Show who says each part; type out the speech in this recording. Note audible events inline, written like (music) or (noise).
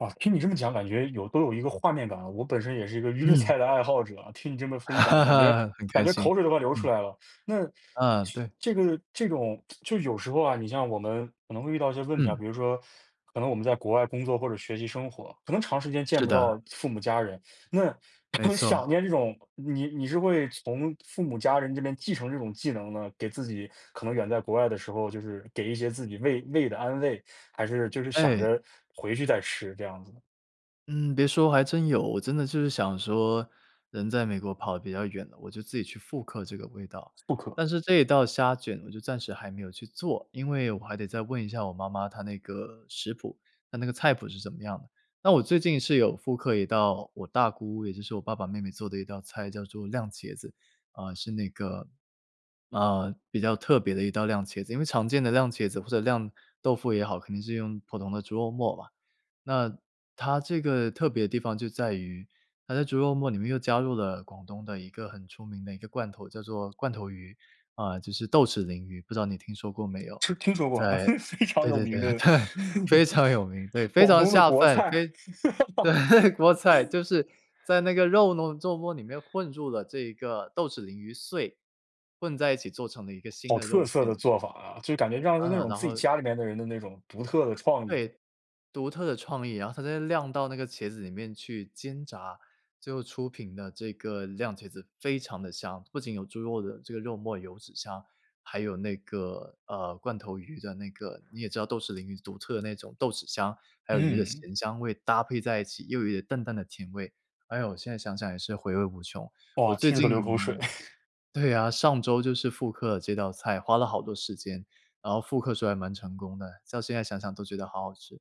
Speaker 1: 啊，听你这么讲，感觉有都有一个画面感，我本身也是一个粤
Speaker 2: 嗯。
Speaker 1: 菜的爱好者，听你这么分享，感觉
Speaker 2: (laughs) 很
Speaker 1: 感
Speaker 2: 开
Speaker 1: 觉
Speaker 2: 心，
Speaker 1: 口水都快流出
Speaker 2: 嗯。
Speaker 1: 来了。那，这
Speaker 2: 啊，对。
Speaker 1: 这个这种 (tsk) 就有时候啊，你像我们可能会遇到一些问题啊，
Speaker 2: 嗯。
Speaker 1: 比如说，可能我们在国外工作或者学习生活，可能长时间见
Speaker 2: 是
Speaker 1: 不
Speaker 2: 的。
Speaker 1: 到父母家人，那
Speaker 2: 没
Speaker 1: 很想
Speaker 2: 错。
Speaker 1: 念这种你你是会从父母家人这边继承这种技能呢？给自己可能远在国外的时候，就是，给一些自己胃胃的安慰，还是就是想
Speaker 2: 哎。
Speaker 1: 着回去再吃，这样子呢？
Speaker 2: 嗯，别说还真有我真的就是想说，人在美国跑得比较远了，我就自己去复刻这个味道，
Speaker 1: 复刻。
Speaker 2: 但是这一道虾卷我就暂时还没有去做，因为我还得再问一下我妈妈她那个食谱她那个菜谱是什么样的。那我最近是有复刻一道我大姑也就是我爸爸妹妹做的一道菜叫做酿茄子，啊，是那个呃，比较特别的一道酿茄子，因为常见的酿茄子或者酿豆腐也好，肯定是用普通的猪肉末吧。那她这个特别的地方就在于，她在猪肉末里面又加入了广东的一个很出名的一个罐头，叫做罐头鱼，啊，就是豆豉鲮鱼，不知道你听说过没有。
Speaker 1: 吃听说过，啊，
Speaker 2: 在
Speaker 1: 非非常
Speaker 2: 对
Speaker 1: 有
Speaker 2: 对
Speaker 1: 名
Speaker 2: 对对，
Speaker 1: 的，
Speaker 2: 非
Speaker 1: (chuckles)
Speaker 2: 常有名，对，非
Speaker 1: 广
Speaker 2: 常
Speaker 1: 东的
Speaker 2: 下
Speaker 1: 国
Speaker 2: 饭，
Speaker 1: 菜。
Speaker 2: 非
Speaker 1: (laughs)
Speaker 2: 对，国菜，就是在那个肉糯肉沫里面混入了这个豆豉鲮鱼碎，混在一起做成了一个新
Speaker 1: 好
Speaker 2: 的
Speaker 1: 特
Speaker 2: 肉
Speaker 1: 色的
Speaker 2: 馅。
Speaker 1: 做法啊，就感觉让他那
Speaker 2: 嗯，
Speaker 1: 种
Speaker 2: 然
Speaker 1: 自己
Speaker 2: 后
Speaker 1: 家里面的人的那种独特的创意。
Speaker 2: 对，独特的创意，然后它再酿到那个茄子里面去煎炸，最后出品的这个酿茄子非常地香，不仅有猪肉的这个肉沫油脂香，还有那个呃，罐头鱼的那个你也知道豆豉鲮鱼独特的那种豆豉香，还有鱼的
Speaker 1: 嗯。
Speaker 2: 咸香味搭配在一起，又有一点淡淡的甜味，哎哟，我现在想想也是回味无穷。我
Speaker 1: 哇，
Speaker 2: 最
Speaker 1: 听着都流口水。
Speaker 2: 近
Speaker 1: (chuckles)
Speaker 2: 对啊，上周就是复刻这道菜，花了好多时间，然后复刻时候还蛮成功的，到现在想想都觉得好好吃。